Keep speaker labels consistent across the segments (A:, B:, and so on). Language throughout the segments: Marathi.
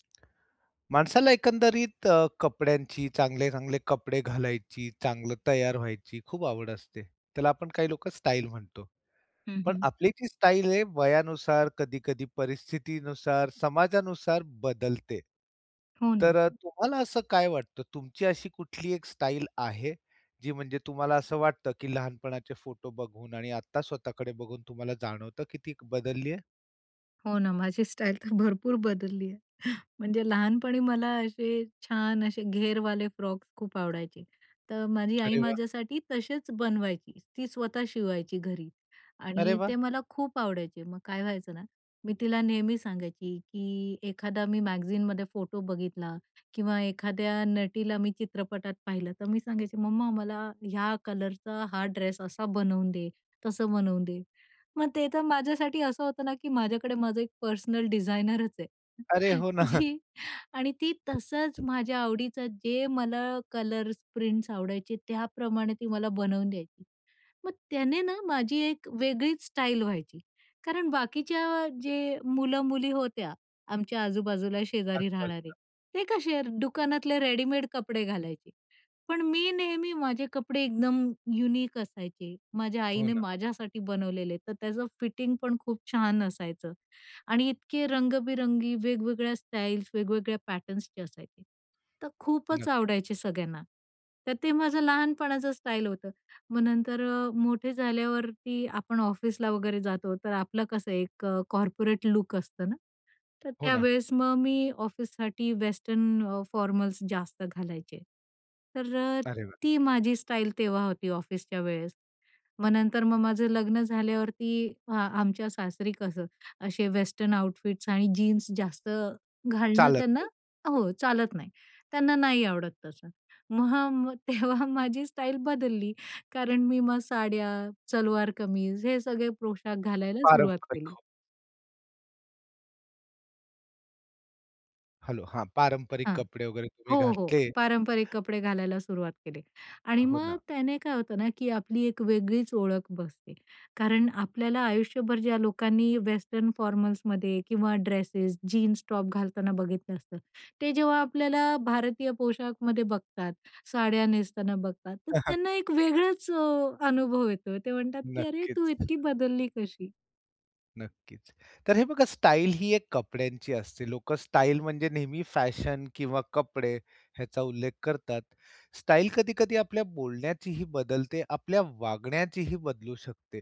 A: माणसाला एकंदरीत अ, कपड्यांची चांगले-चांगले कपडे घालायची, चांगलं तयार व्हायची, खूप आवड असते. त्याला आपण काही लोकं स्टाइल म्हणतो.
B: हं,
A: पण
B: हं.
A: आपली जी स्टाईल हे, वयानुसार कधी-कधी परिस्थितीनुसार, समाजानुसार बदलते.
B: हो ना.
A: तर अ, तुम्हाला असं काय वाटतं तुमची अशी कुठली एक स्टाइल आहे, जी म्हणजे तुम्हाला असं वाटतं की लहानपणाचे फोटो बघून आणि आत्ता स्वतःकडे बघून तुम्हाला जाणवतं की ती बदलली आहे?
B: हो ना. माझी स्टाईल तर भरपूर बदलली आहे. म्हणजे लहानपणी मला असे छान असे घेरवाले फ्रॉक्स खूप आवडायचे, तर माझी आई
A: अरे वाह!
B: माझ्यासाठी तसेच बनवायची, ती स्वतः शिवायची घरी
A: अरे
B: आणि
A: वाह!
B: ते मला खूप आवडायचे. मग काय व्हायचं ना, मी तिला नेहमी सांगायची की एखादा मी मॅगझीनमध्ये फोटो बघितला किंवा एखाद्या नटीला मी चित्रपटात पाहिलं, तर मी सांगायची, मम्मा मला ह्या कलरचा हा ड्रेस असा बनवून दे तसं बनवून दे, मग ते तर माझ्यासाठी असं होतं ना की माझ्याकडे माझं एक पर्सनल डिझायनरच आहे,
A: अरे! हो ना.
B: जी आणि ती तसंच माझ्या आवडीचं जे मला कलर्स प्रिंट्स आवडायचे, त्याप्रमाणे ती मला बनवून द्यायची. मग त्याने ना माझी एक वेगळीच स्टाईल व्हायची, कारण बाकीच्या जे मुलं-मुली होत्या आमच्या आजूबाजूला शेजारी राहणारे,
A: आजू-बाजूला.
B: ते कसे दुकानातले रेडीमेड कपडे घालायचे. पण मी नेहमी माझे कपडे एकदम युनिक असायचे. माझ्या
A: हो
B: आईने
A: ना.
B: माझ्यासाठी बनवलेले. तर त्याचं फिटिंग पण खूप छान असायचं आणि इतके रंग-बिरंगी वेगवेगळ्या स्टाईल्स, वेगवेगळ्या पॅटर्न्सचे असायचे. तर खूपच
A: नक्कीच.
B: आवडायचे सगळ्यांना, तर ते माझं लहानपणाचं स्टाईल होतं. मग नंतर अ, मोठे झाल्यावरती आपण ऑफिसला वगैरे जातो, तर आपलं कसं एक अ, कॉर्पोरेट लुक असतं ना, तर
A: हो ना.
B: त्यावेळेस मग मी ऑफिससाठी वेस्टर्न अ, फॉर्मल्स जास्त घालायचे, तर अ,
A: अरे वाह!
B: ती माझी स्टाईल तेव्हा होती ऑफिसच्या वेळेस. मग नंतर मग माझं लग्न झाल्यावरती हा आमच्या सासरी कसं असे वेस्टर्न आउटफिट्स आणि जीन्स जास्त घालणं
A: चालत
B: त्यांना
A: [unintelligible]
B: हो चालत नाही, त्यांना नाही आवडत तसं. मग, हां मग तेव्हा माझी स्टाईल बदलली कारण मी मग साड्या, सलवार कमीज हे सगळे पोशाख घालायला सुरुवात
A: पारंपरिक.
B: केली.
A: हो. हॅलो, हां, पारंपरिक
B: हां.
A: कपडे वगैरे तुम्ही
B: हो, हो,
A: घातले.
B: पारंपरिक कपडे घालायला सुरुवात केली आणि
A: हो
B: मग
A: ना.
B: त्याने काय होतं ना, की आपली एक वेगळीच ओळख बसते, कारण आपल्याला आयुष्यभर ज्या लोकांनी वेस्टर्न फॉर्मल्समध्ये किंवा ड्रेसेस, जीन्स टॉप घालताना बघितलं असतं, ते जेव्हा आपल्याला भारतीय पोशाखमध्ये बघतात, साड्या नेसताना बघतात, तर त्यांना एक वेगळंच अ, अनुभव येतो, ते म्हणतात की "अरे, तू
A: नक्कीच.
B: इतकी बदलली कशी?"
A: नक्कीच, तर हे बघा, स्टाइल ही एक कपड्यांची असते. लोकं स्टाईल म्हणजे नेहमी फॅशन किंवा कपडे ह्याचा उल्लेख करतात. स्टाईल कधी-कधी आपल्या बोलण्याचीही बदलते, आपल्या वागण्याचीही बदलू शकते.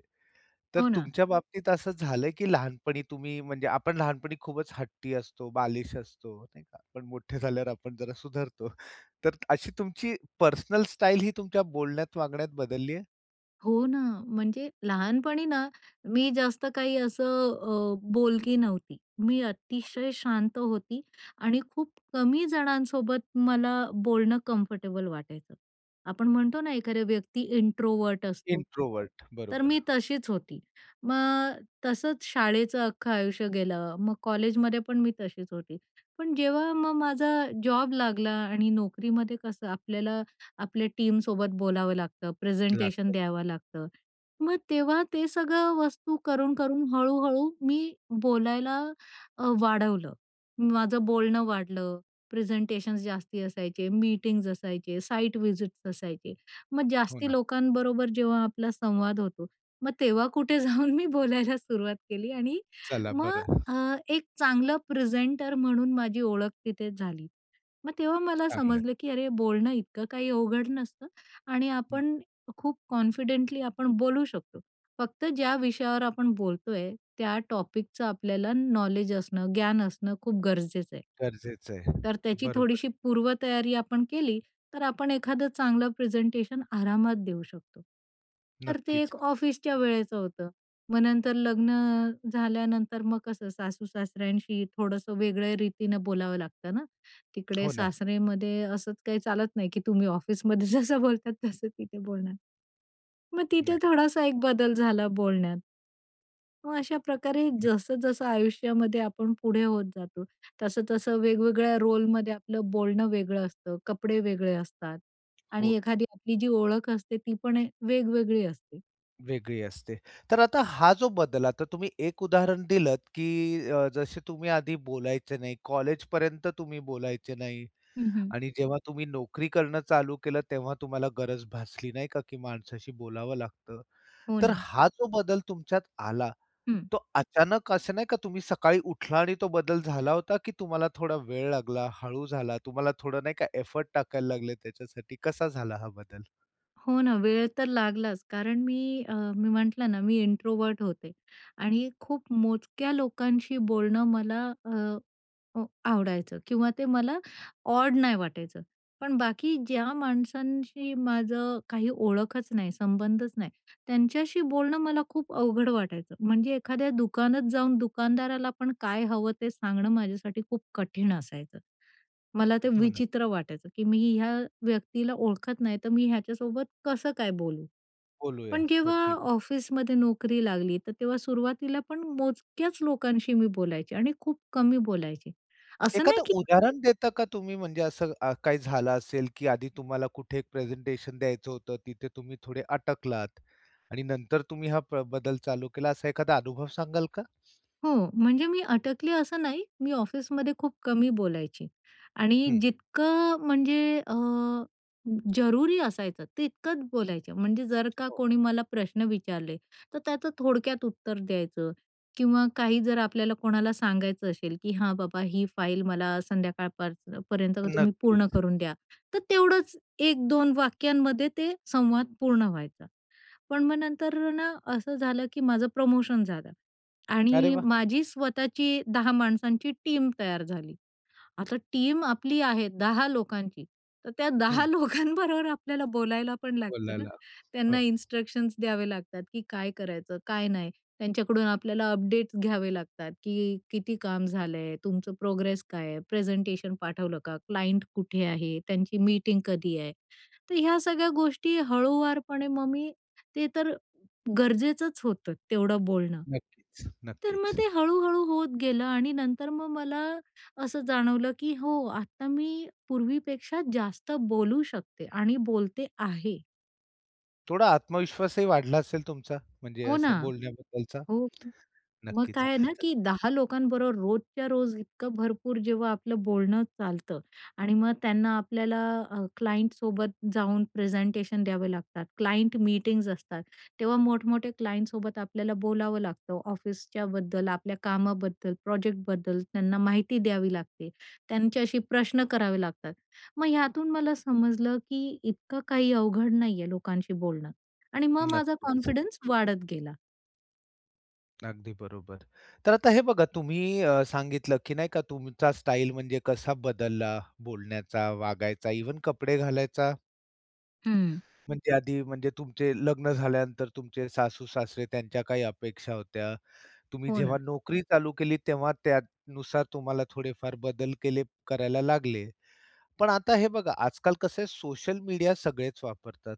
A: तर
B: हो ना.
A: तुमच्या बाबतीत असं झालं की लहानपणी तुम्ही, म्हणजे आपण लहानपणी खूपच हट्टी असतो, बालिश असतो, नाही का, पण मोठे झाल्यावर आपण जरा सुधारतो, तर अशी तुमची पर्सनल स्टाइल ही तुमच्या बोलण्यात, वागण्यात बदलली आहे?
B: हो ना. म्हणजे लहानपणी ना, मी जास्त काही असं अ, बोलकी नव्हती, मी अतिशय शांत होती आणि खूप कमी जणांसोबत मला बोलणं कम्फर्टेबल वाटायचं. आपण म्हणतो ना, एखाद्या व्यक्ती इंट्रोवर्ट असतो,
A: इंट्रोवर्ट.
B: तर मी
A: बरोबर.
B: तशीच होती. मग तसंच शाळेचं अख्खं आयुष्य गेलं, मग कॉलेजमध्ये पण मी तशीच होती. पण जेव्हा मग माझा जॉब लागला आणि नोकरीमध्ये कसं, आपल्याला आपल्या टीमसोबत बोलावं लागतं, प्रेझेंटेशन
A: लागतात.
B: द्यावं लागतं, मग तेव्हा ते सगळं वस्तू करून-करून हळू-हळू मी बोलायला अ, वाढवलं, माझं बोलणं वाढलं, प्रेझेंटेशन्स जास्ती असायचे, मीटिंग्ज असायचे, साईट व्हिजिट्स असायचे, मग
A: हो
B: जास्ती
A: ना.
B: लोकांबरोबर जेव्हा आपला संवाद होतो, मग तेव्हा कुठे जाऊन मी बोलायला सुरुवात केली आणि
A: चला,
B: मग
A: बरं.
B: अ, एक चांगलं प्रेझेंटर म्हणून माझी ओळख तिथे झाली, मग तेव्हा मला
A: चांगल आहे.
B: समजलं की अरे, बोलणं इतकं काही अवघड नसतं आणि
A: हं.
B: आपण खूप कॉन्फिडेंटली आपण बोलू शकतो. फक्त ज्या विषयावर आपण बोलतोय, त्या टॉपिकच आपल्याला नॉलेज असणं, ज्ञान असणं खूप गरजेचं आहे.
A: गरजेचं आहे.
B: तर त्याची
A: बरोबर.
B: थोडीशी पूर्वतयारी आपण केली, तर आपण एखादं चांगलं प्रेझेंटेशन आरामात देऊ शकतो. तर ते
A: नक्कीच.
B: एक ऑफिसच्या वेळेचं होतं. मग नंतर लग्न झाल्यानंतर, मग कसं सासू-सासऱ्यांशी थोडंसं वेगळ्या रीतीनं बोलावं लागतं ना, तिकडे
A: हो ना.
B: सासऱेमध्ये असंच काही चालत नाही, की तुम्ही ऑफिसमध्ये जसं बोलतात, तसं तिथे बोलणार. मग तिथे
A: नाही.
B: थोडासा एक बदल झाला बोलण्यात. मग अशा प्रकारे
A: हं.
B: जसं-जसं आयुष्यामध्ये आपण पुढे होत जातो, तसं-तसं वेगवेगळ्या रोलमध्ये आपलं बोलणं वेगळं असतं, कपडे वेगळे असतात आणि
A: हो.
B: एखादी आपली जी ओळख असते, ती पण वेगवेगळी असते.
A: वेगळी असते. तर आता हा जो बदल आता तुम्ही एक उदाहरण दिलंत, की अ, जसे तुम्ही आधी बोलायचे नाही, कॉलेजपर्यंत तुम्ही बोलायचे नाही
B: हं, हं.
A: आणि जेव्हा तुम्ही नोकरी करणं चालू केलं तेव्हा तुम्हाला गरज भासली नाही का, की माणसाशी बोलावं लागतं.
B: हो,
A: तर
B: ना.
A: हा जो बदल तुमच्यात आला
B: हं.
A: तो अचानक असं नाही का, तुम्ही सकाळी उठला आणि तो बदल झाला होता, की तुम्हाला थोडा वेळ लागला, हळू झाला, तुम्हाला थोडं नाही का एफर्ट टाकायला लागले त्याच्यासाठी? कसा झाला हा बदल?
B: हो, ना. वेळ तर लागलाच. कारण मी, अ, मी म्हटलं ना, मी इंट्रोव्हर्ट होते. आणि खूप मोजक्या लोकांशी बोलणं मला अ, आवडायचं किंवा ते मला ऑड नाही वाटायचं. पण बाकी ज्या माणसांशी माझं काही ओळखच नाही, संबंधच नाही, त्यांच्याशी बोलणं मला खूप अवघड वाटायचं. म्हणजे एखाद्या दुकानात जाऊन दुकानदाराला पण काय हवं? ते सांगणं माझ्यासाठी खूप कठीण असायचं. मला ते
A: हो, ना.
B: विचित्र वाटायचं, की "मी ह्या व्यक्तीला ओळखत नाही, तर मी ह्याच्यासोबत कसं काय बोलू?"
A: बोलूया
B: पण
A: हो
B: जेव्हा
A: ठि
B: ऑफिसमध्ये नोकरी लागली तर तेव्हा सुरुवातीला पण मोजक्याच लोकांशी मी बोलायचे आणि खूप कमी बोलायचे. असं नाही
A: एखादं
B: की
A: उदाहरण देता का तुम्ही? म्हणजे असं अ, काही झालं असेल की आधी तुम्हाला कुठे एक प्रेझेंटेशन द्यायचं होतं तिथे तुम्ही थोडे अटकलात आणि नंतर तुम्ही हा प्र बदल चालू केला, असा एखादा अनुभव सांगाल का?
B: हो, म्हणजे मी अटकली असं नाही. मी ऑफिसमध्ये खूप कमी बोलायची आणि
A: हं.
B: जितकं म्हणजे अ, जरुरी असायचं तितकंच बोलायचं. म्हणजे जर का
A: हो.
B: कोणी मला प्रश्न विचारले तर त्याचं थोडक्यात उत्तर द्यायचं किंवा काही जर आपल्याला कोणाला सांगायचं असेल, की "हां, बाबा, ही फाईल मला संध्याकाळपर्यं पर्यंत तुम्ही पूर्ण
A: नक्कीच.
B: करून द्या." तर तेवढंच 1-2 वाक्यांमध्ये ते संवाद पूर्ण व्हायचा. पण मग नंतर ना असं झालं, की माझं प्रमोशन झालं.
A: अरे
B: आणि
A: वाह!
B: माझी स्वतःची 10 माणसांची टीम तयार झाली. आता टीम आपली आहे, 10 लोकांची. तर त्या
A: हं.
B: 10 लोकांबरोबर आपल्याला बोलायला पण लागतं ना,
A: बोलायला,
B: त्यांना
A: हो.
B: इन्स्ट्रक्शन्स द्यावे लागतात की काय करायचं? काय नाही? त्यांच्याकडून आपल्याला अपडेट्स घ्यावे लागतात, की "किती काम झालं आहे? तुमचं प्रोग्रेस काय आहे? प्रेझेंटेशन पाठवलं का? क्लाइंट कुठे आहे? त्यांची मीटिंग कधी आहे?" तर ह्या सगळ्या गोष्टी हळुवारपणे मग मी, ते तर गरजेचंच होतं तेवढं बोलणं.
A: नक्कीच,
B: तर मग
A: नक्कीच.
B: ते हळू-हळू होत गेलं आणि नंतर मग मला असं जाणवलं, की "हो, आत्ता मी पूर्वीपेक्षा जास्त बोलू शकते आणि बोलते आहे."
A: थोडा आत्मविश्वासही वाढला असेल तुमचा, म्हणजे
B: हो ना.
A: असं बोलण्याबद्दलचा?
B: हो. मग
A: नक्कीच.
B: काय आहे ना, की 10 लोकांबरोबर रोजच्या रोज इतकं भरपूर जेव्हा आपलं बोलणं चालतं आणि मग त्यांना आपल्याला अ, क्लायंटसोबत जाऊन प्रेझेंटेशन द्यावे लागतात, क्लायंट मीटिंग्ज असतात, तेव्हा मोठमोठ्या क्लायंटसोबत आपल्याला बोलावं लागतं, ऑफिसच्याबद्दल, आपल्या कामाबद्दल, प्रोजेक्टबद्दल, त्यांना माहिती द्यावी लागते. त्यांच्याशी प्रश्न करावे लागतात. मग ह्यातून मला समजलं, की इतकं काही अवघड नाही आहे लोकांशी बोलणं. आणि मग माझा
A: नक्कीच.
B: कॉन्फिडन्स वाढत गेला.
A: अगदी बरोबर. तर आता हे बघा, तुम्ही अ, सांगितलं, की नाही का, तुमचा स्टाइल म्हणजे कसा बदलला, बोलण्याचा, वागायचा, इव्हन कपडे घालायचा.
B: हं.
A: म्हणजे आधी, म्हणजे तुमचे लग्न झाल्यानंतर तुमचे सासू-सासरे त्यांच्या काही अपेक्षा होत्या. तुम्ही
B: हो,
A: जेव्हा
B: ना.
A: नोकरी चालू केलीत, तेव्हा त्यानुसार तुम्हाला थोडेफार बदल केले करायला लागले. पण आता हे बघा, आजकाल कसं आहे, सोशल मीडिया सगळेच वापरतात.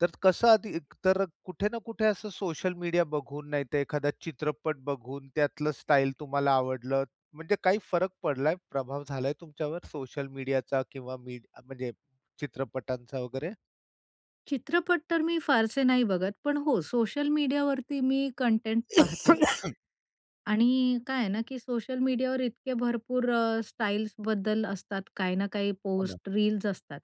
A: तर कसं, आधी एकतर कुठे ना कुठे असं सोशल मीडिया बघून, नाहीतर एखादा चित्रपट बघून, त्यातलं स्टाईल तुम्हाला आवडलं, म्हणजे काही फरक पडलाय, प्रभाव झालाय तुमच्यावर सोशल मीडियाचा? किंवा मीड म्हणजे चित्रपटांचा वगैरे?
B: चित्रपट तर मी फारसे नाही बघत, पण हो, सोशल मीडियावरती मी कंटेंट पाहते. आणि काय आहे ना, की सोशल मीडियावर इतके भरपूर अ, स्टाईल्स बद्दल असतात, काही ना काही
A: हो ना.
B: पोस्ट, रील्स असतात,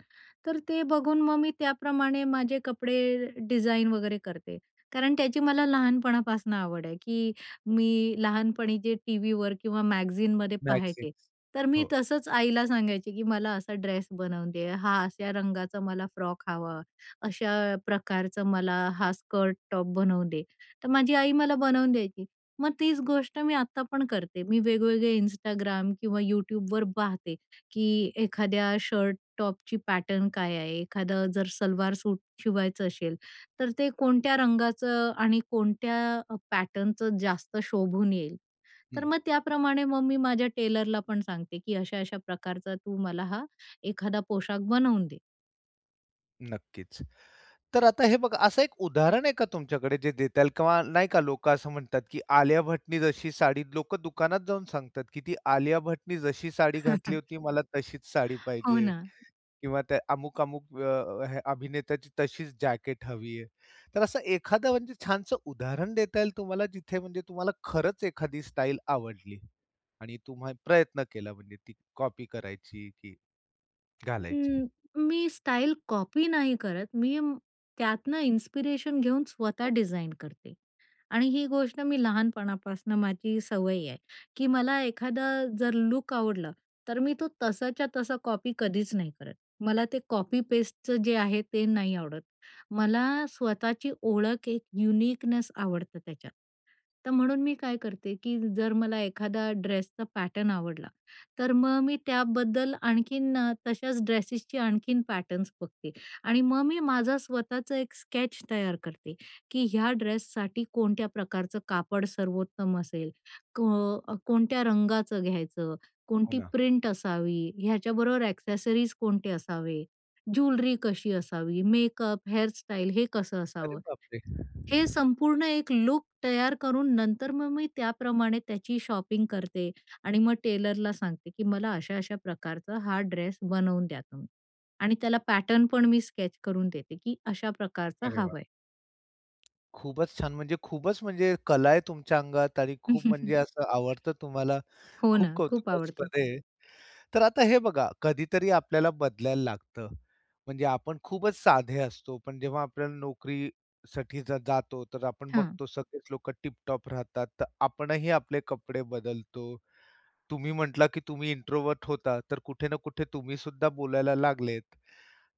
B: तर ते बघून मग मी त्याप्रमाणे माझे कपडे डिझाईन वगैरे करते, कारण त्याची मला लहानपणापासून आवड आहे, की मी लहानपणी जे टीव्हीवर किंवा मॅगझिनमध्ये पाहायचे,
A: मॅगझिनस,
B: तर मी
A: हो.
B: तसंच आईला सांगायचे, की "मला असा ड्रेस बनवून दे, हा अशा रंगाचा मला फ्रॉक हवा, अशा प्रकारचं मला हा स्कर्ट, टॉप बनवून दे, तर माझी आई मला बनवून द्यायची, मग तीच गोष्ट मी आता पण करते, मी वेगवेगळे Instagram किंवा YouTubeवर पाहते, की एखाद्या शर्ट टॉपची पॅटर्न काय आहे, एखादं जर सलवार सूट शिवायचं असेल, तर ते कोणत्या रंगाचं आणि कोणत्या पॅटर्नचं जास्त शोभून येईल. तर
A: हं.
B: मग त्याप्रमाणे मग मी माझ्या टेलरला पण सांगते, की अशा-अशा प्रकारचा तू मला हा एखादा पोशाख बनवून दे.
A: नक्कीच, तर आता हे बघा, असं एक उदाहरण आहे का तुमच्याकडे, जे देता येईल किंवा नाही का, लोकं असं म्हणतात, की आलिया भट्टने जशी साडी लोकं दुकानात जाऊन सांगतात, की ती आलिया भट्टने जशी साडी घातली होती, मला तशीच साडी
B: हो
A: पाहिजे
B: ना.
A: किंवा त्या अमुक-अमुक अ, अ, अभिनेत्याची तशीच जॅकेट हवी आहे, तर असं एखादं, म्हणजे छानसं उदाहरण देता येईल तुम्हाला, जिथे म्हणजे तुम्हाला खरंच एखादी स्टाईल आवडली आणि तुम्हा प्रयत्न केला, म्हणजे ती कॉपी करायची, की घालायची?
B: हं. मी स्टाईल कॉपी नाही करत, मी त्यातनं इन्स्पिरेशन घेऊन स्वतः
A: हो.
B: डिझाईन करते आणि ही गोष्ट मी लहानपणापासनं माझी सवय आहे, की मला एखादं जर लूक आवडलं, तर मी तो तसाच्या तसा कॉपी कधीच नाही करत. मला ते कॉपी पेस्टचं जे आहे, ते नाही आवडत. मला स्वतःची ओळख, एक युनिकनेस आवडतं त्याच्यात, तर म्हणून मी काय करते, की जर मला एखादा ड्रेसचा पॅटर्न आवडला, तर मग मी त्याबद्दल आणखीन तशाच ड्रेसेसची आणखीन पॅटर्न्स बघते आणि मग मी माझा स्वतःचं एक स्केच तयार करते, की ह्या ड्रेससाठी कोणत्या प्रकारचं कापड सर्वोत्तम असेल, क कोणत्या रंगाचं घ्यायचं,
A: हो
B: कोणती
A: ना.
B: प्रिंट असावी, ह्याच्याबरोबर ॲक्सेसरीज कोणते असावे, ज्वेलरी कशी असावी, मेकअप, हेअर स्टाईल, हे कसं
A: अरे,
B: असावं,
A: बाप रे!
B: हे संपूर्ण एक लूक तयार करून, नंतर मग मी त्याप्रमाणे त्याची शॉपिंग करते आणि मग टेलरला सांगते, की मला अशा अशा प्रकारचा हा ड्रेस बनवून द्या तुम्ही. आणि त्याला पॅटर्न पण मी स्केच करून देते, की अशा प्रकारचं
A: अरे वाह!
B: हवं आहे.
A: खूपच छान, म्हणजे खूपच म्हणजे कला आहे तुमच्या अंगात आणि खूप म्हणजे असं आवडतं तुम्हाला.
B: हो
A: खूप
B: ना. खूप
A: कौतुकास्पद
B: आवडतं.
A: आहे. तर आता हे बघा कधीतरी आपल्याला बदलायला लागतं, म्हणजे आपण खूपच साधे असतो पण जेव्हा आपल्याला नोकरीसाठी जर जातो, तर आपण
B: हां.
A: बघतो सगळेच लोकं टिप-टॉप राहतात, तर आपणही आपले कपडे बदलतो. तुम्ही म्हटला की तुम्ही इंट्रोवर्ट होता तर कुठे ना कुठे तुम्हीसुद्धा बोलायला लागलेत,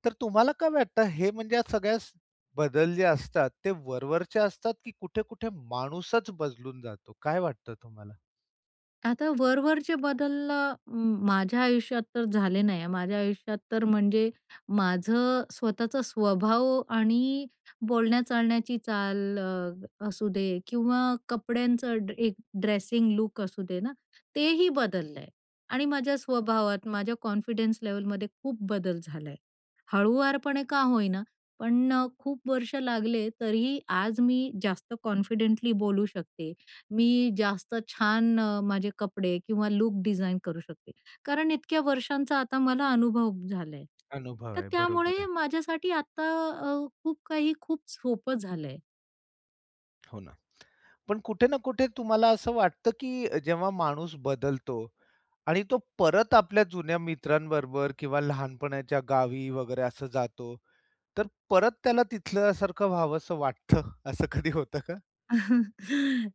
A: तर तुम्हाला काय वाटतं, हे म्हणजे या सगळ्या बदल जे असतात ते वर-वरचे असतात, की कुठे-कुठे माणूसच बदलून जातो. काय वाटतं तुम्हाला?
B: आता वर-वरचे बदल माझ्या आयुष्यात तर झाले नाही, माझ्या आयुष्यात तर म्हणजे माझं स्वतःचा स्वभाव आणि बोलण्या-चालण्याची चाल अ, असू दे किंवा कपड्यांचं एक ड्रेसिंग लूक असू दे ना. तेही बदललंय आणि माझ्या स्वभावात माझ्या कॉन्फिडन्स लेव्हलमध्ये खूप बदल झालाय. हळुवारपणे का होईना पण खूप वर्ष लागले, तरीही आज मी जास्त कॉन्फिडेंटली बोलू शकते, मी जास्त छान अ, माझे कपडे किंवा लूक डिझाईन करू शकते. कारण इतक्या वर्षांचा आता मला अनुभव झाला आहे,
A: अनुभव
B: तर
A: आहे. बरोबर
B: त्यामुळे
A: आहे.
B: माझ्यासाठी आता अ, खूप काही खूप सोपं झालं आहे.
A: हो ना. पण कुठे ना कुठे तुम्हाला असं वाटतं, की जेव्हा माणूस बदलतो आणि तो परत आपल्या जुन्या मित्रांबरोबर किंवा लहानपणाच्या गावी वगैरे असं जातो, तर परत त्याला तिथल्यासारखं व्हावंस वाटतं असं कधी होतं का?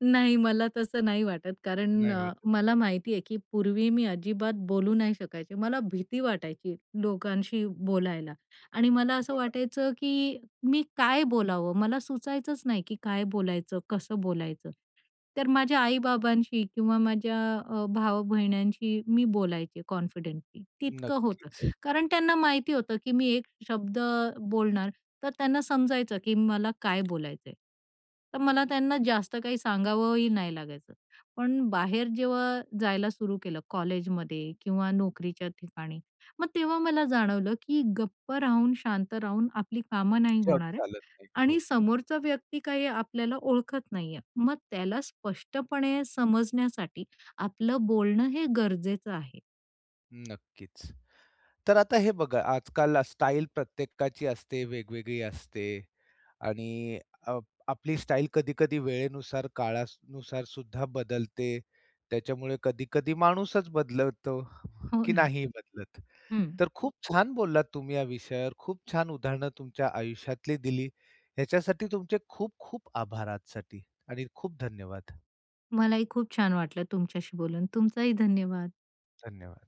B: नाही, मला तसं नाही वाटत, कारण
A: नाही
B: अ,
A: वाटत.
B: मला
A: [unintelligible]
B: माहिती आहे की पूर्वी मी अजिबात बोलू नाही शकायचे. मला भीती वाटायची लोकांशी बोलायला आणि मला असं
A: हो ना?
B: वाटायचं, की मी काय बोलावं, मला सुचायचंच नाही की काय बोलायचं, कसं बोलायचं. तर माझ्या आई-बाबांशी किंवा माझ्या अ, भाव-बहिण्यांशी मी बोलायचे कॉन्फिडेंटली तितकं होतं.
A: नक्कीच.
B: कारण त्यांना माहिती होतं की मी एक शब्द बोलणार तर त्यांना समजायचं, की मला काय बोलायचं आहे, तर मला त्यांना जास्त काही सांगावंही नाही लागायचं. पण बाहेर जेव्हा जायला सुरू केलं, कॉलेजमध्ये किंवा नोकरीच्या ठिकाणी, मग तेव्हा मला जाणवलं की गप्प राहून, शांत राहून आपली कामं नाही
A: जग
B: होणार आहे
A: चालत नाही,
B: आणि
A: हो.
B: समोरचा व्यक्ती काही आपल्याला ओळखत नाही आहे, मग त्याला स्पष्टपणे समजण्यासाठी आपलं बोलणं हे गरजेचं आहे.
A: नक्कीच. तर आता हे बघा आजकाल स्टाईल प्रत्येकाची असते, वेगवेगळी असते आणि अप आपली स्टाईल कधी-कधी वेळेनुसार काळानुसारसुद्धा बदलते. त्याच्यामुळे कधी-कधी माणूसच बदलवतो,
B: हो
A: की
B: ना.
A: नाही बदलत.
B: हं.
A: तर खूप छान बोललात तुम्ही या विषयावर, खूप छान उदाहरणं तुमच्या आयुष्यातली दिली, याच्यासाठी तुमचे खूप खूप आभार आजसाठी आणि खूप धन्यवाद.
B: मलाही खूप छान वाटलं तुमच्याशी बोलून. तुमचाही धन्यवाद.
A: धन्यवाद.